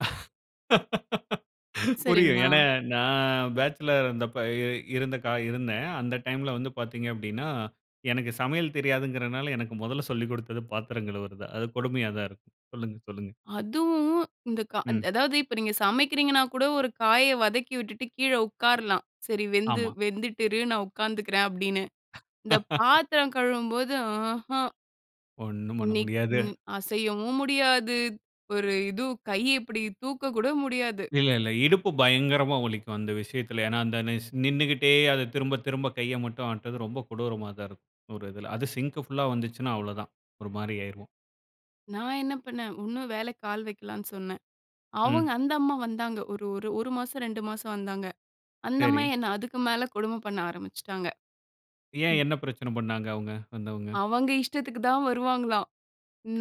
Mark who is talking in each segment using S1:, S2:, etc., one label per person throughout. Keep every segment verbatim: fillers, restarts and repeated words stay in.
S1: புரியும்.
S2: சரிங்களா?
S1: ஏன்னா நான் பேச்சுலரா இருந்தப்ப, இருந்த கா இருந்தேன். அந்த டைம்ல வந்து பார்த்தீங்க அப்படின்னா, எனக்கு சமையல் தெரியாதுங்கிறனால எனக்கு மொதல்ல சொல்லிக் கொடுத்தது பாத்திரம் கழுவுறது தான். அது கொடுமையா தான் இருக்கும். சொல்லுங்க சொல்லுங்க.
S2: அதுவும் இந்த கா
S1: ம்.
S2: அதாவது இப்ப நீங்க சமைக்கிறீங்கன்னா கூட ஒரு காயை வதக்கி விட்டுட்டு கீழே உட்காரலாம். சரி வெந்து
S1: ஆமா.
S2: வெந்துட்டு இரு நான் உட்காந்துக்கிறேன் அப்படின்னு. இந்த பாத்திரம் கழுவும்போது ஆஹம்.
S1: ஒண்ணும் பண்ண முடியாது.
S2: இன்னைக்கும் அசையவும் முடியாது. ஒரு இது கை இப்டி தூக்க கூட முடியாது.
S1: இல்ல இல்ல இடுப்பு பயங்கரமா வலிக்கும். அந்த விஷயத்தில. ஏன்னா அந்த ஸ் நின்னுக்கிட்டே திரும்ப திரும்ப கையை மட்டும் ஆட்டுறது ரொம்ப கொடூரமா தான் இருக்கும், ஒரு இதில. அது சிங்க் புல்லா வந்துச்சுன்னா அவ்வளவு தான் ஒரு மாரி ஆயிருவோம்.
S2: நான் என்ன பண்ணேன், உன்னும் வேலைக்கு ஆள் வைக்கலான்னு சொன்னேன். அவங்க
S1: ம்.
S2: அந்த அம்மா வந்தாங்க. ஒரு ஒரு ஒரு மாசம், ரெண்டு மாசம் வந்தாங்க. அந்த அம்மா
S1: சரி.
S2: என்னை அதுக்கு மேல கொடுமை பண்ண ஆரம்பிச்சுட்டாங்க.
S1: ஏன் என்ன பிரச்சனை பண்ணாங்க அவங்க வந்தவங்க?
S2: அவங்க இஷ்டத்துக்கு தான் வருவாங்களாம்.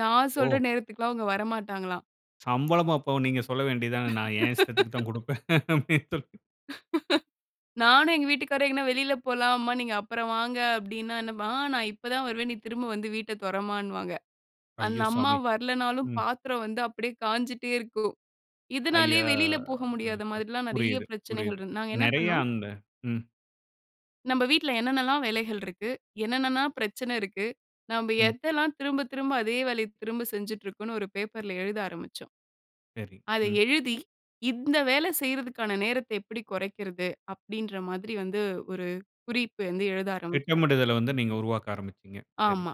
S2: நான் சொல்ற
S1: ஓ!
S2: நேரத்துக்குல்லாம் அவங்க வரமாட்டாங்களாம்.
S1: சம்பளமும் அப்ப நீங்க சொல்ல வேண்டியது தானே நான் என் இஷ்டத்திற்கு தான் கொடுப்பேன்.
S2: நானும் எங்க வீட்டுக்காரரும் எங்க வெளியில போலாம். அம்மா நீங்க அப்புறம் வாங்க. அப்டின்னா, நான் இப்ப தான் வருவேன். நீ திரும்ப வந்து வீட்டை தொறம்மான்பாங்க. அந்த
S1: ஐயோ!
S2: அம்மா
S1: சாமி.
S2: வரல்லைனாலும்
S1: ம்.
S2: பாத்திரம் வந்து அப்டியே காஞ்சுட்டே இருக்கும். இதனாலயே
S1: ஐயோ!
S2: வெளியில போக முடியாத மாதிரில்லாம் நெறைய
S1: புரியுது
S2: பிரச்சனைகள்
S1: புரியுது.
S2: இரு நாங்க என்ன
S1: நெறைய
S2: பண்ணினோம்.
S1: அந்த ம்.
S2: நம்ம வீட்டுல என்ன என்னலாம் வேலைகள் இருக்கு? என்னென்னலாம் பிரச்சனை இருக்கு? நம்ம
S1: ம்.
S2: எதெல்லாம் திரும்ப திரும்ப அதே வேலைய திரும்ப செஞ்சிட்டுருக்கோம்னு ஒரு பேப்பர் ல எழுத ஆரம்பிச்சோம்.
S1: சரி.
S2: அத
S1: ம்.
S2: எழுதி இந்த வேலை செய்றதுக்கான நேரத்த எப்படி குறைக்கிறது? அப்டின்ற மாதிரி வந்து ஒரு குறிப்பு வந்து எழுத ஆரம்பிச்சோம்.
S1: திட்டமிடுதலை வந்து நீங்க உருவாக்க ஆரம்பிச்சீங்க. சரி.
S2: ஆமா.